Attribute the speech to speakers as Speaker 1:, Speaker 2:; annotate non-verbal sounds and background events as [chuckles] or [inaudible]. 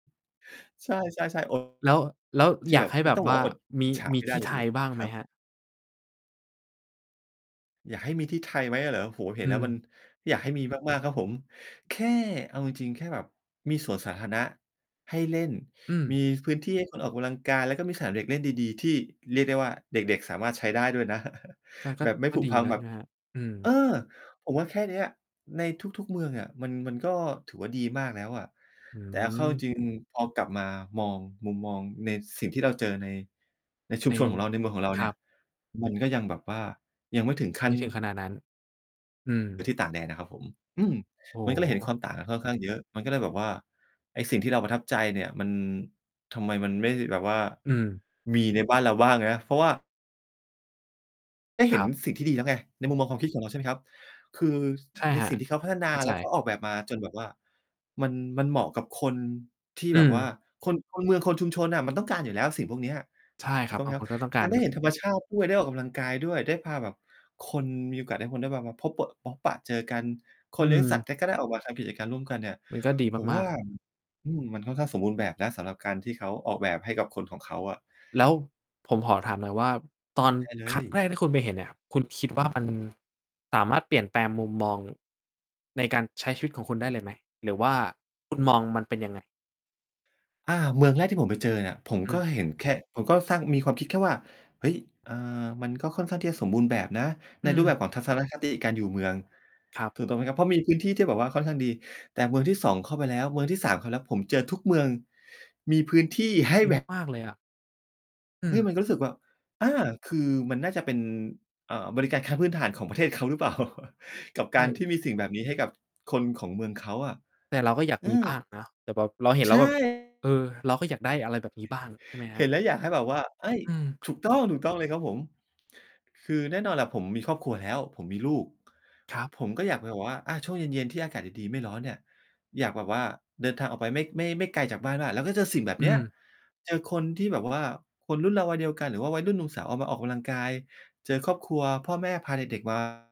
Speaker 1: ใช่ ๆ ๆ โอ้
Speaker 2: แล้ว แล้ว
Speaker 1: ที่
Speaker 2: อย
Speaker 1: แ
Speaker 2: า
Speaker 1: บ
Speaker 2: ก
Speaker 1: บ
Speaker 2: ให้
Speaker 1: คุ
Speaker 2: แ
Speaker 1: ณ
Speaker 2: บ
Speaker 1: ต
Speaker 2: บ
Speaker 1: ้องบอ
Speaker 2: ว
Speaker 1: ก
Speaker 2: ่
Speaker 1: ว
Speaker 2: า
Speaker 1: ่าอด
Speaker 2: ม
Speaker 1: อิ
Speaker 2: ี
Speaker 1: จฉา
Speaker 2: มี
Speaker 1: ไม่ได
Speaker 2: ท
Speaker 1: ้
Speaker 2: ี่
Speaker 1: จ
Speaker 2: ไท
Speaker 1: ริง
Speaker 2: ยบ้าง
Speaker 1: ๆ นะ
Speaker 2: ไ
Speaker 1: ค
Speaker 2: หม
Speaker 1: รับ
Speaker 2: ครับ?
Speaker 1: อยากให้มีที่ไทยไหมอะเหรอ? โอ้โฮ เห็
Speaker 2: อ
Speaker 1: น
Speaker 2: ื
Speaker 1: แล้วมั
Speaker 2: ม
Speaker 1: นอยากให้มี มาก ๆ ครับผมแค่ เอาจริง ๆ แค่แบบมีสวนสาธารณะให้เล่น
Speaker 2: อืม
Speaker 1: มีพื้นที่ให้คนออกกำลังกาย แล้วก็มีสนามเด็กเล่นดี ๆ ที่เรียกได้ว่า เด็ก ๆ สามารถใช้ได้ด้วยนะ [chuckles]
Speaker 2: มันก็
Speaker 1: แบบไม่
Speaker 2: ก็
Speaker 1: ผุ
Speaker 2: ดี
Speaker 1: พัง
Speaker 2: นะ
Speaker 1: แ
Speaker 2: ใ
Speaker 1: บ
Speaker 2: ช
Speaker 1: บ
Speaker 2: ่ไหมครับ? อืม
Speaker 1: เออ ผมว่าแค่เนี้ยในทุก ๆ เมืองอะ มัน มันก็ถือว่าดีมากแล้วอะ
Speaker 2: อื
Speaker 1: แต่เอาเข้า จ
Speaker 2: ม
Speaker 1: ริง ๆ พอกลับมามองมุมมองในสิ่งที่เราเจอใน ในชุ
Speaker 2: ไอ
Speaker 1: ม
Speaker 2: ้
Speaker 1: ชนของเราในเมืองของเรา
Speaker 2: ค
Speaker 1: เ
Speaker 2: ร
Speaker 1: นี
Speaker 2: ั
Speaker 1: ่ย
Speaker 2: บ
Speaker 1: มันก็ยังแบบว่ายังไม่ถึง ข
Speaker 2: ไ
Speaker 1: ั้
Speaker 2: ม
Speaker 1: น
Speaker 2: ่ถึงขนาดนั้น อื
Speaker 1: หรื
Speaker 2: ม
Speaker 1: อที่ต่างแดนอะครับผม อืม
Speaker 2: โอ้
Speaker 1: มันก็เลยเห็
Speaker 2: โ
Speaker 1: นค
Speaker 2: ฮ
Speaker 1: วามต่างกันค่อนข้างเยอะ มันก็เลยแบบว่าไอ้สิ่งที่เราประทับใจเนี่ยมัน ทำไมมันไม่แบบว่า
Speaker 2: อืม
Speaker 1: มีในบ้านเราบ้างนะ เพราะว่า ได้เห
Speaker 2: ค
Speaker 1: ็
Speaker 2: ร
Speaker 1: น
Speaker 2: ับ
Speaker 1: สิ่งที่ดีแล้วไงในมุมมองความคิดของเรา ใช่ไหมครับ คือ
Speaker 2: ใช่
Speaker 1: ใน
Speaker 2: ครั
Speaker 1: ส
Speaker 2: บ
Speaker 1: ิ่งที่เขาพัฒน
Speaker 2: เ
Speaker 1: า
Speaker 2: ข้าใ
Speaker 1: แ
Speaker 2: จ
Speaker 1: ล้วก็ออกแบบมาจนแบบว่า มัน มันเหมาะกับคนที่
Speaker 2: อื
Speaker 1: แบบว่า
Speaker 2: ม
Speaker 1: คน คนเมืองคนชุมชนน่ะ มันต้องการอยู่แล้วสิ่งพวกเนี้ย
Speaker 2: ใช่
Speaker 1: ถ
Speaker 2: ค
Speaker 1: ู
Speaker 2: ร
Speaker 1: ก
Speaker 2: ับ
Speaker 1: ต้องไ
Speaker 2: บ
Speaker 1: หม
Speaker 2: าง
Speaker 1: คร
Speaker 2: ค
Speaker 1: ับ
Speaker 2: นก็ต้องกา
Speaker 1: กา
Speaker 2: ร
Speaker 1: รได
Speaker 2: แ
Speaker 1: ้
Speaker 2: บ
Speaker 1: เ
Speaker 2: บ
Speaker 1: ห็นธรรม
Speaker 2: น
Speaker 1: ชาติ ด้วย ได้ออกกำลังกายด้วย ได้พาแบบคนมีโอกาสให้คนมาพบเปอะ พบปะเจอกันค
Speaker 2: อื
Speaker 1: นเลี้ยงสัต
Speaker 2: ม
Speaker 1: ว์ก็ ก็ ได้ออกมาทำ กิจการร่วมกันเนี่ย
Speaker 2: มันก็ดี
Speaker 1: ผม
Speaker 2: ม
Speaker 1: ว
Speaker 2: า
Speaker 1: ่
Speaker 2: ก
Speaker 1: า
Speaker 2: ๆ
Speaker 1: อืม มันค่อนข้างสมบูรณ์แบบนะ สำหรับการที่เขาออกแบบให้กับคนของเขาอะ
Speaker 2: แล้วผมขอถามหน่อยว่า ตอน
Speaker 1: ได้เล
Speaker 2: ครั้
Speaker 1: ย
Speaker 2: งแรก ที่คุณไปเห็นเนี่ย คุณคิดว่ามันสามารถ เปลี่ยนแปลงมุมมอง ในการใช้ชีวิตของคุณได้เลยไหม? หรือว่าคุณ มอง มันเป็นยังไง?
Speaker 1: อา เมืองแรกที่ผมไปเจอเนี่ย ผม
Speaker 2: อื
Speaker 1: ก็
Speaker 2: ม
Speaker 1: เห็นแค่ ผมก็สร้างมีความคิดแค่ว่า เฮ้ย อ่า มันก็ค่อนข้างที่จะสมบูรณ์แบบนะ
Speaker 2: อ
Speaker 1: ใ
Speaker 2: ื
Speaker 1: นรูปแ
Speaker 2: ม
Speaker 1: บบของทัศนคติการอยู่เมือง
Speaker 2: ครับ
Speaker 1: ถูกต้องไหมครับ เพราะมีพื้นที่ที่แบบว่าค่อนข้างดี แต่เมืองที่ 2 เข้าไปแล้ว เมืองที่ 3 เข้าไปแล้ว ผมเจอทุกเมือง มีพื้นที่ให้
Speaker 2: ดี
Speaker 1: แบบ
Speaker 2: มาก ๆ เลยอะ อื
Speaker 1: เนี่
Speaker 2: ม
Speaker 1: ยมันก็รู้สึกว่า อา คือมันน่าจะเป็น อ่า บริการขั้นพื้นฐานของประเทศเขาหรือเปล่า? [chuckles] กับ
Speaker 2: ใช
Speaker 1: การท
Speaker 2: ่
Speaker 1: ี่มีสิ่งแบบนี้ให้กับคนของเมืองเขาอะ
Speaker 2: แต่เราก็อยาก
Speaker 1: อื
Speaker 2: มีบ้
Speaker 1: อ
Speaker 2: างเนาะ แต่แบบเราเห็น
Speaker 1: ใ
Speaker 2: แ
Speaker 1: ช
Speaker 2: ล้วแบบ
Speaker 1: ่
Speaker 2: เออ เราก็อยากได้อะไรแบบนี้บ้าง ใช่ไหมค
Speaker 1: เ
Speaker 2: ร
Speaker 1: ห
Speaker 2: ั
Speaker 1: ็
Speaker 2: บ?
Speaker 1: นแล้วอยากให้แบบว่า เฮ้ย
Speaker 2: อืม
Speaker 1: ถูกต้อง ๆ เลยครับผม คือแน่นอนแหละผมมีครอบครัวแล้ว ผมมีลูก
Speaker 2: ครับ
Speaker 1: ผมก็อยากไปแบบว่า อา ช่วงเย็น ๆ ที่อากาศดี ๆ ไม่ร้อนเนี่ย อยากแบบว่าเดินทางออกไปไม่ ไม่ ไม่ไกลจากบ้านมาก แล้วก็เจอสิ่งแบบ
Speaker 2: อื
Speaker 1: เนี้ย
Speaker 2: ม
Speaker 1: เจอคนที่แบบว่าคนรุ่นเราวัยเดียวกัน หรือว่าวัยรุ่นหนุ่มสาวออกมาออกกำลังกาย เจอครอบครัวพ่อแม่พาเด็ก ๆ มา